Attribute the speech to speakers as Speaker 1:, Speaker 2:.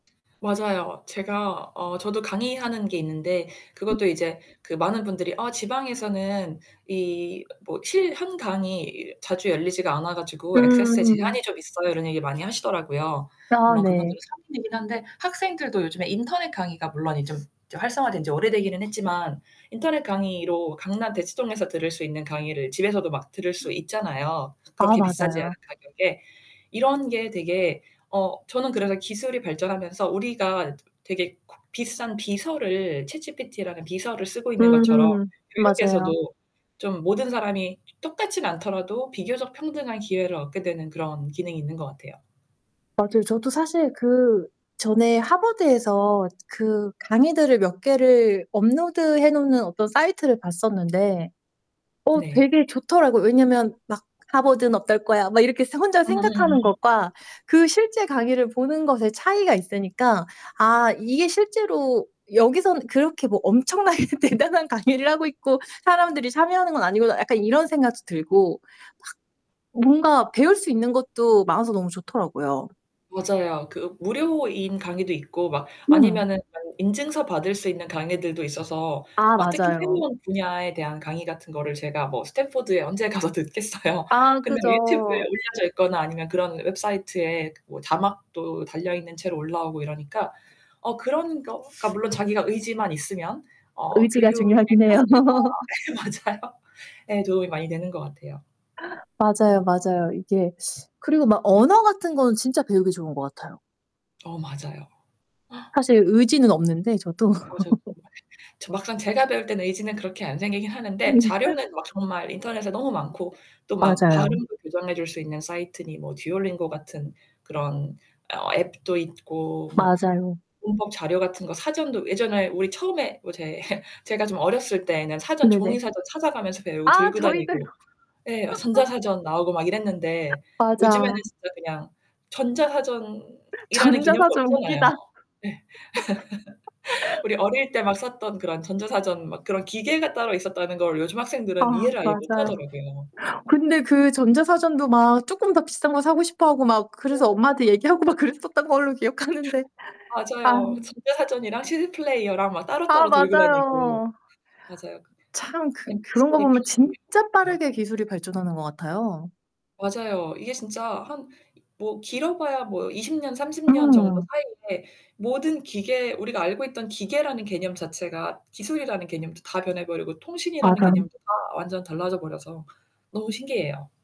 Speaker 1: 맞아요. 제가 어 저도 강의하는 게 있는데 그것도 이제 그 많은 분들이 "아 지방에서는 이 뭐 실 한 강의 자주 열리지가 않아 가지고 액세스에
Speaker 2: 음.
Speaker 1: 제한이 좀 있어요." 이런 얘기를 많이 하시더라고요.
Speaker 2: 아
Speaker 1: 물론
Speaker 2: 네.
Speaker 1: 그분들은 성인이긴 한데 학생들도 요즘에 인터넷 강의가 물론 이 좀 활성화된 지 오래되기는 했지만 인터넷 강의로 강남 대치동에서 들을 수 있는 강의를 집에서도 막 들을 수 있잖아요,
Speaker 2: 아
Speaker 1: 그렇게 비싸지 않은
Speaker 2: 맞아요.
Speaker 1: 가격에. 이런 게 되게 어 저는 그래서 기술이 발전하면서 우리가 되게 그 비싼 비서를, chatgpt라는 비서를 쓰고 있는 것처럼
Speaker 2: 음. 맞아요.
Speaker 1: 교육에서도 좀 모든 사람이 똑같진 않더라도 비교적 평등한 기회를 얻게 되는 그런 기능이 있는 것 같아요.
Speaker 2: 맞아요. 저도 사실 그 전에 하버드에서 그 강의들을 몇 개를 업로드해 놓는 어떤 사이트를 봤었는데 어
Speaker 1: 네.
Speaker 2: 되게 좋더라고요. 왜냐면 막 '하버드는 어떨 거야.' 막 이렇게 서 혼자 생각하는
Speaker 1: 음음.
Speaker 2: 것과 그 실제 강의를 보는 것에 차이가 있으니까 '아 이게 실제로 여기서는 그렇게 뭐 엄청나게 대단한 강의를 하고 있고 사람들이 참여하는 건 아니구나.' 약간 이런 생각도 들고 막 뭔가 배울 수 있는 것도 많아서 너무 좋더라고요.
Speaker 1: 맞아요. 그 무료인 강의도 있고 막
Speaker 2: 음.
Speaker 1: 아니면은 뭐 인증서 받을 수 있는 강의들도 있어서
Speaker 2: 아
Speaker 1: 막 특히
Speaker 2: 맞아요.
Speaker 1: 새로운 분야에 대한 강의 같은 거를 제가 뭐 스탠포드에 언제 가서 듣겠어요.
Speaker 2: 아
Speaker 1: 근데 유튜브에
Speaker 2: 그죠.
Speaker 1: 올려져 있거나 아니면 그런 웹사이트에 뭐 자막도 달려 있는 채로 올라오고 이러니까 어 그런 거가 물론 자기가 의지만 있으면 어
Speaker 2: 의지가
Speaker 1: 교육의
Speaker 2: 중요하긴 해요.
Speaker 1: 평준화 예 맞아요. 에 도움이 많이 되는 것 같아요.
Speaker 2: 맞아요, 맞아요. 이게 그리고 막 언어 같은 거는 진짜 배우기 좋은 것 같아요.
Speaker 1: 어 맞아요.
Speaker 2: 사실 의지는 없는데 저도.
Speaker 1: 맞아요, 정말. 저 막상 제가 배울 때는 의지는 그렇게 안 생기긴 하는데
Speaker 2: 네.
Speaker 1: 자료는 막 정말 인터넷에 너무 많고 또 막
Speaker 2: 맞아요.
Speaker 1: 발음도 교정해줄 수 있는 사이트니 뭐 듀얼링고 같은 그런 어 앱도 있고 뭐
Speaker 2: 맞아요.
Speaker 1: 문법 자료 같은 거 사전도 예전에 우리 처음에 뭐 제 제가 좀 어렸을 때에는 사전 종이
Speaker 2: 네네.
Speaker 1: 사전 찾아가면서 배우고
Speaker 2: 아
Speaker 1: 들고
Speaker 2: 저희도요.
Speaker 1: 다니고 예. 어 전자사전 나오고 막 이랬는데 요즘에는
Speaker 2: 맞아.
Speaker 1: 진짜 그냥 전자사전이라는 개념도
Speaker 2: 전자사전
Speaker 1: 없잖아요.
Speaker 2: 웃기다.
Speaker 1: 네. 우리 어릴 때 막 썼던 그런 전자사전 막 그런 기계가 따로 있었다는 걸 요즘
Speaker 2: 아
Speaker 1: 학생들은 이해를 아예
Speaker 2: 맞아요.
Speaker 1: 못하더라고요.
Speaker 2: 근데 그 전자사전도 막 조금 더 비싼 거 사고 싶어하고 막 그래서 엄마한테 얘기하고
Speaker 1: [unintelligible]
Speaker 2: 막 그랬었던 걸로 기억하는데 아.
Speaker 1: 맞아요. 전자사전이랑 시디플레이어랑 막
Speaker 2: 아
Speaker 1: 따로따로 들고 다니고.
Speaker 2: 맞아요.
Speaker 1: 맞아요.
Speaker 2: 참 그 그런
Speaker 1: MP3
Speaker 2: 거 보면
Speaker 1: 플레이어
Speaker 2: 진짜
Speaker 1: 네.
Speaker 2: 빠르게 기술이 발전하는 것 같아요.
Speaker 1: 맞아요. 이게 진짜 한 뭐 길어봐야 뭐 20 년, 30 년 정도
Speaker 2: 음.
Speaker 1: 사이에 모든 기계, 우리가 알고 있던 기계라는 개념 자체가 기술이라는 개념도 다 변해 버리고 통신이라는
Speaker 2: 맞어요.
Speaker 1: 개념도 다 완전 달라져 버려서 너무 신기해요.